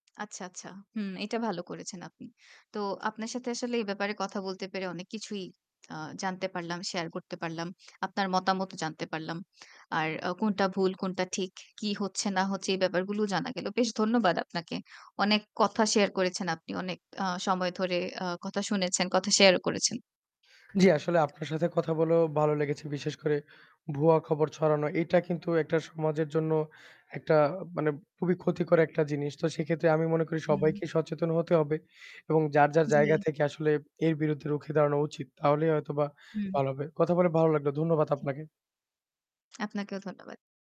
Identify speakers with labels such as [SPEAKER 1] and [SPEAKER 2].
[SPEAKER 1] আচ্ছা, আচ্ছা। হুম, এটা ভালো করেছেন আপনি। তো আপনার সাথে আসলে এই ব্যাপারে কথা বলতে পেরে অনেক কিছুই আ জানতে পারলাম, শেয়ার করতে পারলাম। আপনার মতামতও জানতে পারলাম। আর ও কোনটা ভুল, কোনটা ঠিক, কি হচ্ছে না হচ্ছে, এই ব্যাপার গুলোও জানা গেলো। বেশ ধন্যবাদ আপনাকে। অনেক কথা শেয়ার করেছেন আপনি। অনেক আ সময় ধরে আ কথা শুনেছেন, কথা শেয়ারও করেছেন।
[SPEAKER 2] জী, আসলে আপনার সাথে কথা বলেও ভালো লেগেছে বিশেষ করে ভুয়া খবর ছড়ানো। এটা কিন্তু একটা সমাজের জন্য একটা মানে খুবই ক্ষতিকর একটা জিনিস। তো সেক্ষেত্রে আমি মনে করি
[SPEAKER 1] হুম।
[SPEAKER 2] সবাইকেই সচেতন হতে হবে এবং যার, যার
[SPEAKER 1] জ্বী।
[SPEAKER 2] জায়গা থেকে আসলে এর বিরুদ্ধে রুখে দাঁড়ানো উচিত তাহলেই হয়তোবা
[SPEAKER 1] হুম।
[SPEAKER 2] ভালো হবে। কথা বলে ভালো লাগলো। ধন্যবাদ
[SPEAKER 1] টিক
[SPEAKER 2] আপনাকে।
[SPEAKER 1] আপনাকেও ধন্যবাদ।